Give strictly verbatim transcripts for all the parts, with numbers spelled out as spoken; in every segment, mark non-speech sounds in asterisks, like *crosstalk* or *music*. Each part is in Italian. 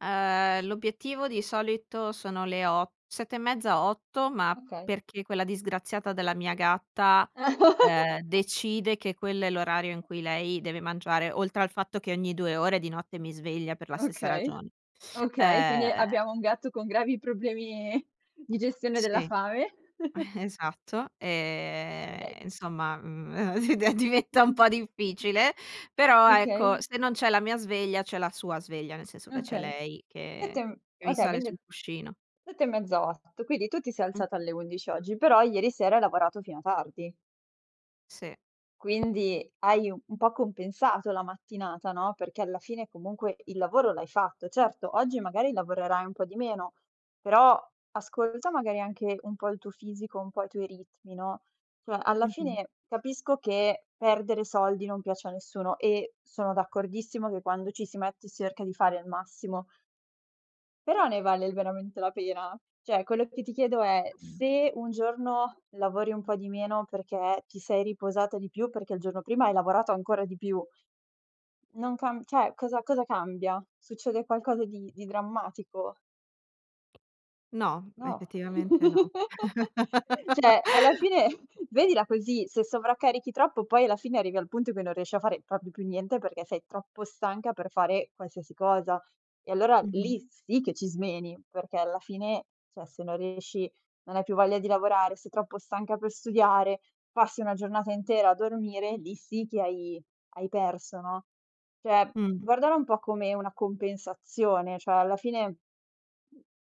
Ehm, l'obiettivo di solito sono le o sette e mezza, otto, ma Okay. perché quella disgraziata della mia gatta, ehm, *laughs* decide che quello è l'orario in cui lei deve mangiare, oltre al fatto che ogni due ore di notte mi sveglia per la stessa Okay, ragione. okay, quindi Ehm abbiamo un gatto con gravi problemi di gestione della Sì. fame. *chuckles* Eh, esatto. Okay. E insomma, mhmm, e eh, *unintelligible* diventa un Mh-mh. po' difficile, però ecco Okay. se non c'è la mia sveglia c'è la sua sveglia, nel senso che c'è Okay. lei sette che m che mi okay sale vindi sul cuscino. sette e mezza otto, quindi tu ti sei alzata Mh-mh. alle undici oggi, però ieri sera hai lavorato fino a tardi. Sì. Quindi hai un un po' compensato la mattinata, no, perché alla fine comunque il lavoro l'hai fatto. Certo, oggi magari lavorerai un po' di meno, però ascolta magari anche un po' il tuo fisico, un po' i tuoi ritmi, no. Cioè, alla Mh-mh. fine capisco che perdere soldi non piace a nessuno e sono d'accordissimo che quando ci si mette si erca di fare il massimo però ne vale veramente la pena? ceh, quello che ti chiedo è: se un giorno lavori un po' di meno perché ti sei riposata di più, perché il giorno prima hai lavorato ancora di più non cam ceh cosa cosa cambia? Succede qualcosa di di drammatico? No, No. effettivamente no. *chuckles* *laughs* ceh, alla fine vedila così, se sovraccarichi troppo poi alla fine arrivi al punto che non riesci a fare propio più niente perché sei troppo stanca per fare qualsiasi cosa. E allora Mh-mh. lì sì che ci smeni, perché alla fine, ceh, se non riesci, non hai più voglia di lavorare, sei troppo stanca per studiare, passi una giornata intera a dormire, lì sì che hai hai perso, no. ceh, Mh. guardare un po' come una compensazione, ceh alla fine m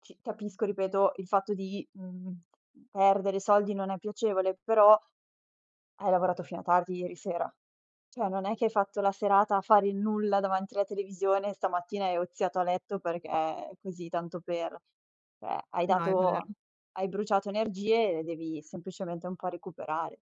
ci capisco ripeto il fatto di, mhmm, perdere soldi non è piacevole, però hai lavorato fino a tardi ieri sera. ceh non è che hai fatto la serata a fare il nulla davanti alla televisione e stamattina hai oziato a letto perché così tanto per. ceh hai No, è vero. dato hai bruciato energie e devi semplicemente un po' recuperare.